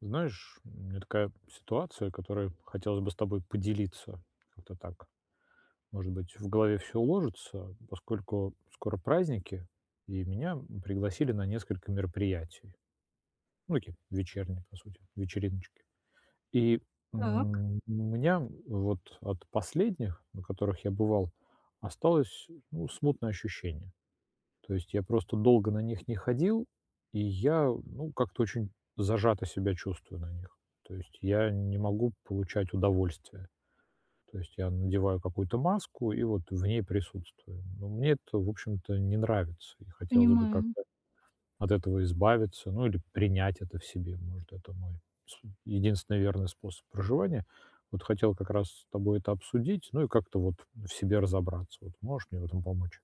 Знаешь, у меня такая ситуация, которой хотелось бы с тобой поделиться. Как-то так. Может быть, в голове всё уложится, поскольку скоро праздники, и меня пригласили на несколько мероприятий. Ну, таких: вечерние, по сути, вечериночки. И, Так. м, у меня вот от последних, на которых я бывал, осталось, ну, смутное ощущение. То есть я просто долго на них не ходил, и я, ну, как-то очень зажато себя чувствую на них. То есть я не могу получать удовольствие. То есть я надеваю какую-то маску и вот в ней присутствую. Ну мне это, в общем-то, не нравится, и хотелось бы Понимаю. как-то от этого избавиться, ну, или принять это в себе. Может, это мой с единственный верный способ проживания. Вот хотел как раз с тобой это обсудить, ну, и как-то вот в себе разобраться вот. Можешь мне в этом помочь?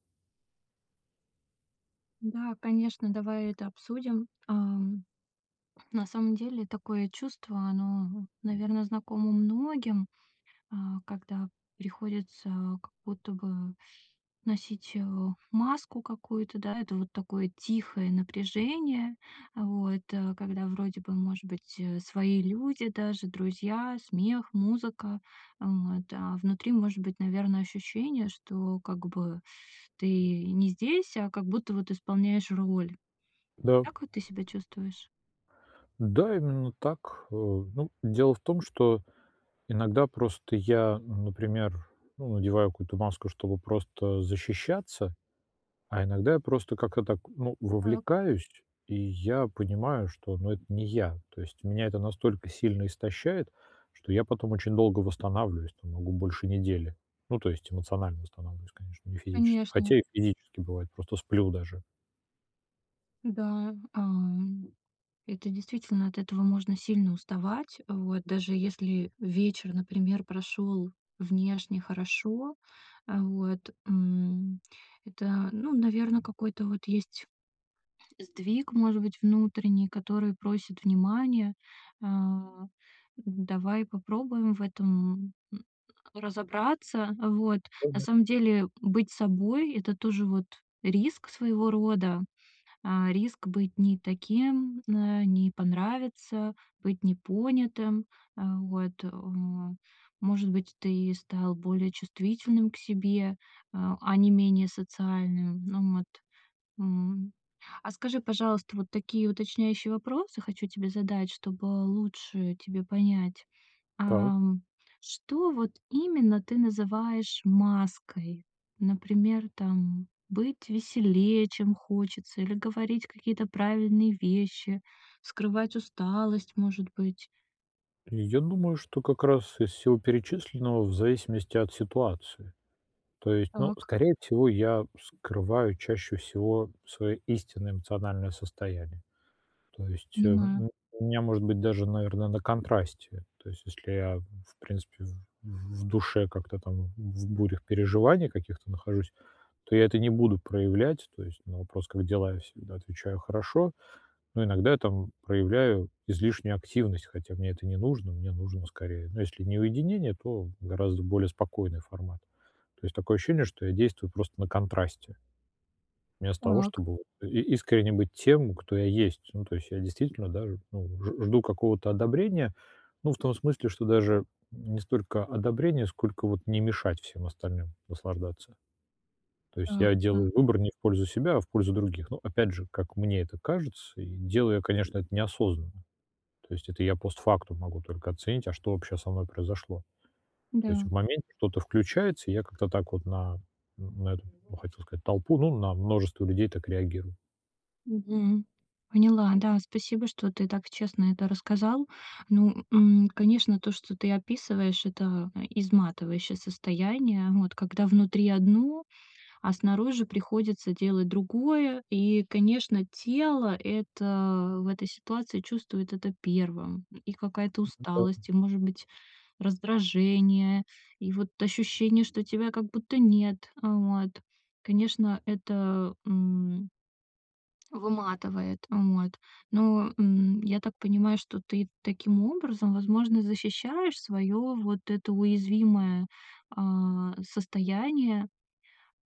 Да, конечно, давай это обсудим. Ам, на самом деле такое чувство, оно, наверно, знакомо многим, а, когда приходится как будто бы носить, э, маску какую-то, да, это вот такое тихое напряжение. Вот, э, когда, вроде бы, может быть, э, свои люди даже, друзья, смех, музыка. Вот, а внутри может быть, наверно, ощущение, что как бы ты не здесь, а как будто вот исполняешь роль. Да. Так вот ты себя чувствуешь? Да, именно так, э. Ну, дело в том, что иногда просто я, например, ну, надеваю какую-то маску, чтобы просто защищаться, а иногда я просто как-то так, ну, Так. вовлекаюсь, и я понимаю, что, ну, это не я. То есть меня это настолько сильно истощает, что я потом очень долго восстанавливаюсь, там, могу больше недели, ну, то есть эмоционально восстанавливаюсь, конечно, не физически. Конечно. Хотя и физически бывает, просто сплю даже. Да, ам, это действительно, от этого можно сильно уставать. Вот, даже если вечер, например, прошел внешне хорошо, а, вот, м, это, ну, наверно, какой-то вот есть сдвиг, может быть, внутренний, который просит внимания. Э, давай попробуем в этом, м, разобраться. Вот, на Полное самом деле быть собой- это тоже вот риск своего рода. А, риск быть не таким, э, не понравиться, быть непонятым, э. Вот, э. Может быть, ты стал более чувствительным к себе, э, а не менее социальным. Ну вот, м. А скажи, пожалуйста, вот такие уточняющие вопросы хочу тебе задать, чтобы лучше тебе понять. Так. Ам, что вот именно ты называешь маской? Например, там, быть веселее, чем хочется, или говорить какие-то правильные вещи, скрывать усталость, может быть. Я думаю, что как раз из всего перечисленного, в зависимости от ситуации. То есть, ну, Так. скорее всего, я скрываю чаще всего свое истинное эмоциональное состояние. То есть, эм, Понимаю. м, у меня, может быть, даже, наверно, на контрасте. То есть если я, в принципе, в в в душе как-то там в в бурях переживаний каких-то нахожусь, то я это не буду проявлять. То есть на вопрос "как дела?" Я всегда отвечаю "хорошо", но иногда я там проявляю излишнюю активность, хотя мне это не нужно, мне нужно, скорее, ну, если не уединение, то гораздо более спокойный формат. То есть такое ощущение, что я действую просто на контрасте. Вместо того, Так. чтобы вот и искренне быть тем, кто я есть. Ну, то есть я действительно, да, ж ну, ж жду какого-то одобрения. Ну, в том смысле, что даже не столько одобрения, сколько вот не мешать всем остальным наслаждаться. То есть Так, я да. делаю выбор не в пользу себя, а в пользу других. Ну, опять же, как мне это кажется, и делаю я, конечно, это неосознанно. То есть это я постфактум могу только оценить, а что вообще со мной произошло. То есть Да. в моменте что-то включается, и я как-то так вот на н на это, хотел сказать, толпу, ну, на множество людей так реагирую. Мгм, поняла, да, спасибо, что ты так честно это рассказал. Ну, м, конечно, то, что ты описываешь- это изматывающее состояние, вот. Когда внутри одно, а снаружи приходится делать другое. И, конечно, тело это в этой ситуации чувствует это первым. И какая-то М, м, да, м. усталость, и, может быть, раздражение, и вот ощущение, что тебя как будто нет. Вот. Конечно, это, м выматывает. Вот. Но, м, я так понимаю, что ты таким образом, возможно, защищаешь свое вот это уязвимое, а, состояние.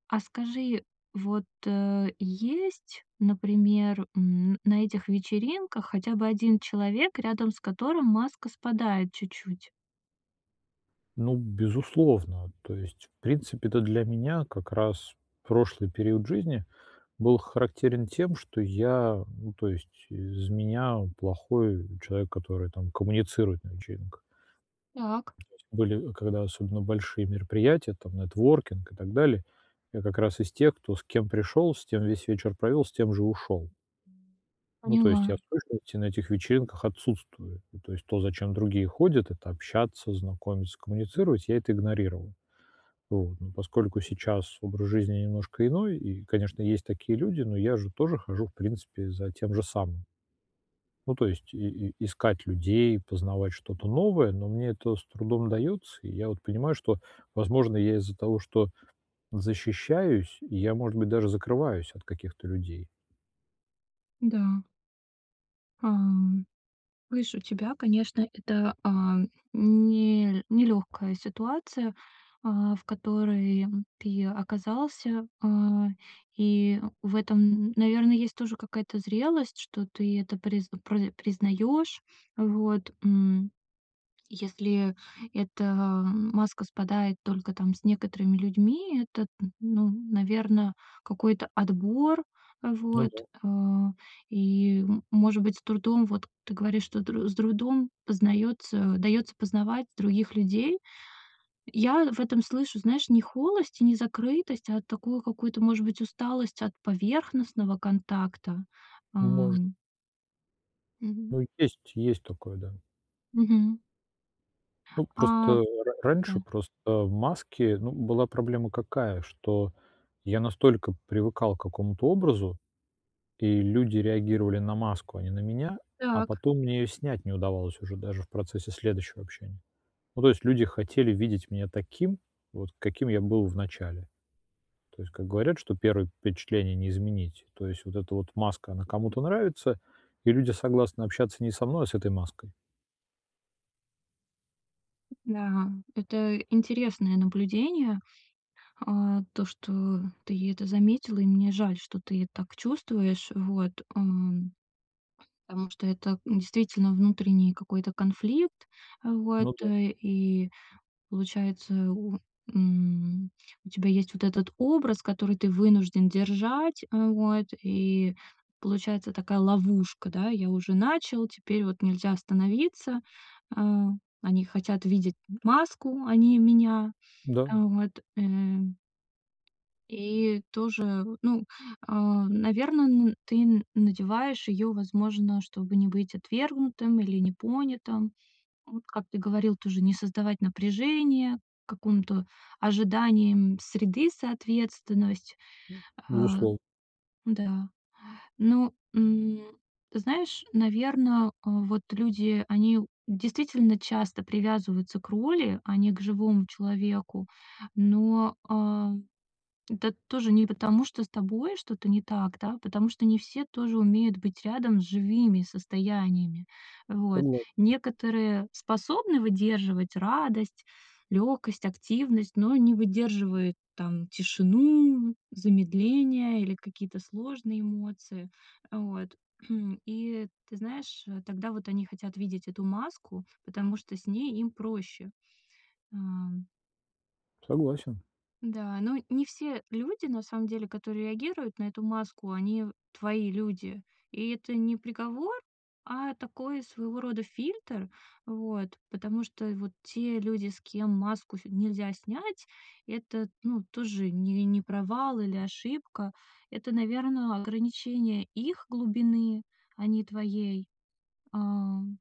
А скажи вот, э, есть, например, м, на этих вечеринках хотя бы 1 человек, рядом с которым маска спадает чуть-чуть? Ну, б безусловно, то есть, в принципе-то, для меня как раз прошлый период жизни был х характерен тем, что я, ну, то есть, из меня, э, плохой, э, человек, который там коммуницирует на вечеринках. Так. То есть были, э, когда особенно большие мероприятия, там, нетворкинг и так далее, я как раз из тех, кто с кем пришёл, с тем весь вечер провёл, с тем же ушёл. Ну, то есть Поняла. я в точности на этих вечеринках отсутствую. Ну, то есть то, за чем другие ходят- это общаться, знакомиться, коммуницировать- я это игнорировал. Вот. Но поскольку сейчас образ жизни немножко иной, и, конечно, есть такие люди, но я же тоже хожу, в принципе, за тем же самым. Ну, то есть, и и искать людей, познавать что-то новое, но мне это с трудом удаётся. И я вот понимаю, что, возможно, я из-за того, что защищаюсь, я, может быть, даже закрываюсь от каких-то людей. Да. А, м, видишь, у тебя, конечно, это, а, нел нелёгкая ситуация, а, в которой, а, м, ты оказался. А. И, э, в этом, м, наверное, есть тоже какая-то зрелость, что ты это приз пры признаёшь. Вот, м. И если, э, эта, ва маска спадает только, там, с некоторыми людьми- это, т ну, наверное, какой-то отбор, э, Ну вот. да. Э, и, м, может быть, с трудом, вот ты говоришь, что др с трудом познаётся даётся познавать других людей. Я в этом слышу, знаешь, не холость и не закрытость, а такую какую-то, может быть, усталость от поверхностного контакта. А, Ну, может. м. Мгм. Ну, есть есть такое, да. Мгм. Ну, А, просто, м э, р раньше да. просто, э, в маске, ну, была проблема какая? Что я настолько привыкал к какому-то образу, и люди реагировали на маску, а не на меня, а Так. потом мне её снять не удавалось уже даже в процессе следующего общения. Ну, то есть, люди хотели видеть меня таким, вот каким я был в начале. То есть, как говорят, что 1 впечатление не изменить. То есть вот эта вот маска, она кому-то нравится, и люди согласны общаться не со мной, а с этой маской. Да, это интересное наблюдение. А то, что ты это заметил. И мне жаль, что ты, э, так чувствуешь. Вот, м. Потому что это, м, действительно внутренний какой-то конфликт. Вот, Ну да. э, и получается, у, м, у тебя есть вот этот образ, который ты вынужден держать. Э, вот. И получается такая ловушка, да, я уже начал, теперь вот нельзя остановиться. А, они хотят видеть, м, маску, а не меня. Да. Вот, э. И тоже, вот ну, а наверно, н ты н надеваешь её, возможно, чтобы не быть отвергнутым или непонятым. Вот, как ты говорил, тоже не создавать напряжение, к какому-то ожиданиям среды, соответственность, М. а. Безуслов Да, ну, м, знаешь, наверно, а вот люди, они у действительно часто привязываются к роли, а не к живому человеку. Но, а, это тоже не потому, что с тобой что-то не так, да, а потому что не все тоже умеют быть рядом с живыми состояниями. Вот, Согласен. некоторые способны выдерживать радость, лёгкость, активность, но не выдерживают, там, тишину, замедление или какие-то сложные эмоции. Э, вот. И ты знаешь, э, тогда вот они хотят видеть эту маску, потому что с ней им проще, ам. Согласен. Да, но не все люди, на самом деле, которые реагируют на эту маску, они в твои люди. И это не приговор, а такой своего рода фильтр. Вот, потому что вот те люди, с кем маску ф нельзя снять это, ну, тоже не не провал или ошибка. Это, наверно, ограничение их глубины, а не твоей, ам.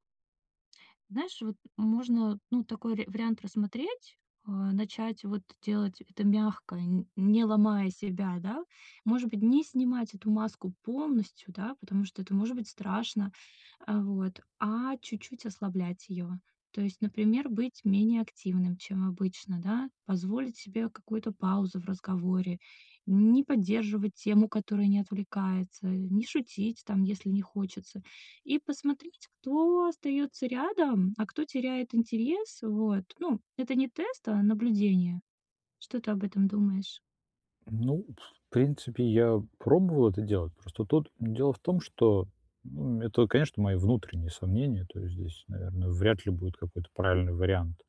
Знаешь, вот можно, ну, такой ря вариант рассмотреть. Э, начать вот делать это мягко, нь не ломая себя, да. Может быть, не снимать эту маску полностью, да, потому что это может быть страшно, э, вот, а чуть-чуть ослаблять её. То есть, например, быть менее активным, чем обычно, да. Позволить себе какую-то паузу в разговоре, не поддерживать тему, которая не отвлекается, не шутить, там, если не хочется. И посмотреть, кто остаётся рядом, а кто теряет интерес. Вот ну это не тест, а наблюдение. Что ты об этом думаешь? Ну, в принципе, я пробовал это делать, просто тут дело в том, что, ну, это, конечно, мои внутренние сомнения, то есть здесь, наверное, вряд ли будет какой-то правильный вариант.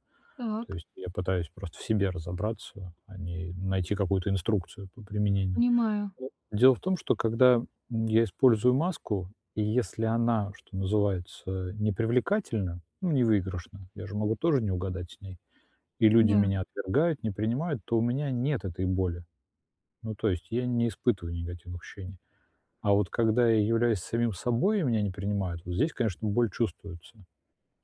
То Так. есть я пытаюсь просто в себе разобраться, а не найти какую-то инструкцию по применению. Понимаю. Дело в том, что когда я использую маску, и если она, что называется, не привлекательна, ну, не выигрышна, я же могу тоже не угадать с ней, и люди Да. меня отвергают, не принимают, то у меня нет этой боли. Ну то есть я не испытываю негативных ощущений. А вот когда я являюсь самим собой, и меня не принимают, вот здесь, конечно, боль чувствуется.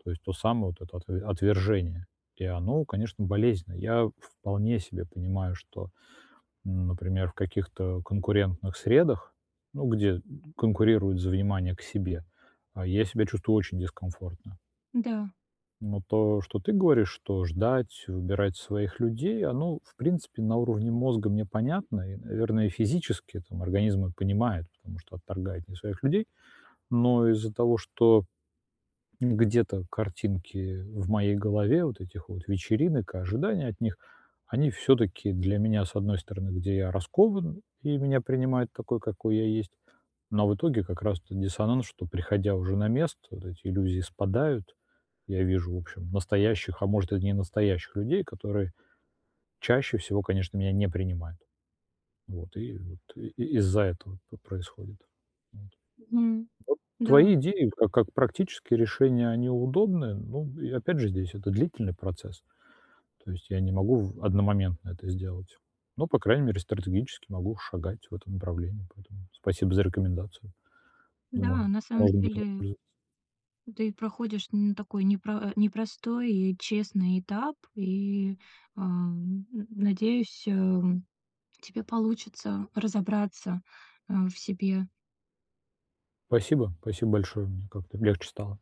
То есть то самое вот это отв отвержение, и оно, конечно, болезненно. Я вполне себе понимаю, что, ну, например, в каких-то конкурентных средах, ну где конкурируют за внимание к себе, а, я себя чувствую очень дискомфортно. М-да. Но то, что ты говоришь, что ждать, выбирать своих людей, оно, в принципе, на уровне мозга мне понятно. И наверное, и физически это, м, организм мой понимает, потому что отторгает не своих людей. Но из-за того, что где-то картинки в моей голове вот этих вот вечеринок и ожидания от них. Они всё-таки для меня, с одной стороны, где я раскован, и меня принимают такой, какой я есть. Но в итоге как раз то диссонанс, что приходя уже на место, вот эти иллюзии спадают и я вижу, в общем, настоящих, а может, и не настоящих людей, которые чаще всего, конечно, меня не принимают. Вот. И вот и из-за этого п происходит. Вот. Вот Мгм. твои Да. идеи ка как практические решения, они удобные, ну и опять же, здесь это длительный процесс. То есть я не могу в одномоментно это сделать. Но, по крайней мере, стратегически могу шагать в этом направлении. Поэтому спасибо за рекомендацию. Думаю Да, на самом можно будет деле воспользоваться. ты проходишь н такой непро а, непростой и честный этап. И, ам, н надеюсь, эм, у тебя получится разобраться, а, в себе. Спасибо. Спасибо большое, мне как-то легче стало.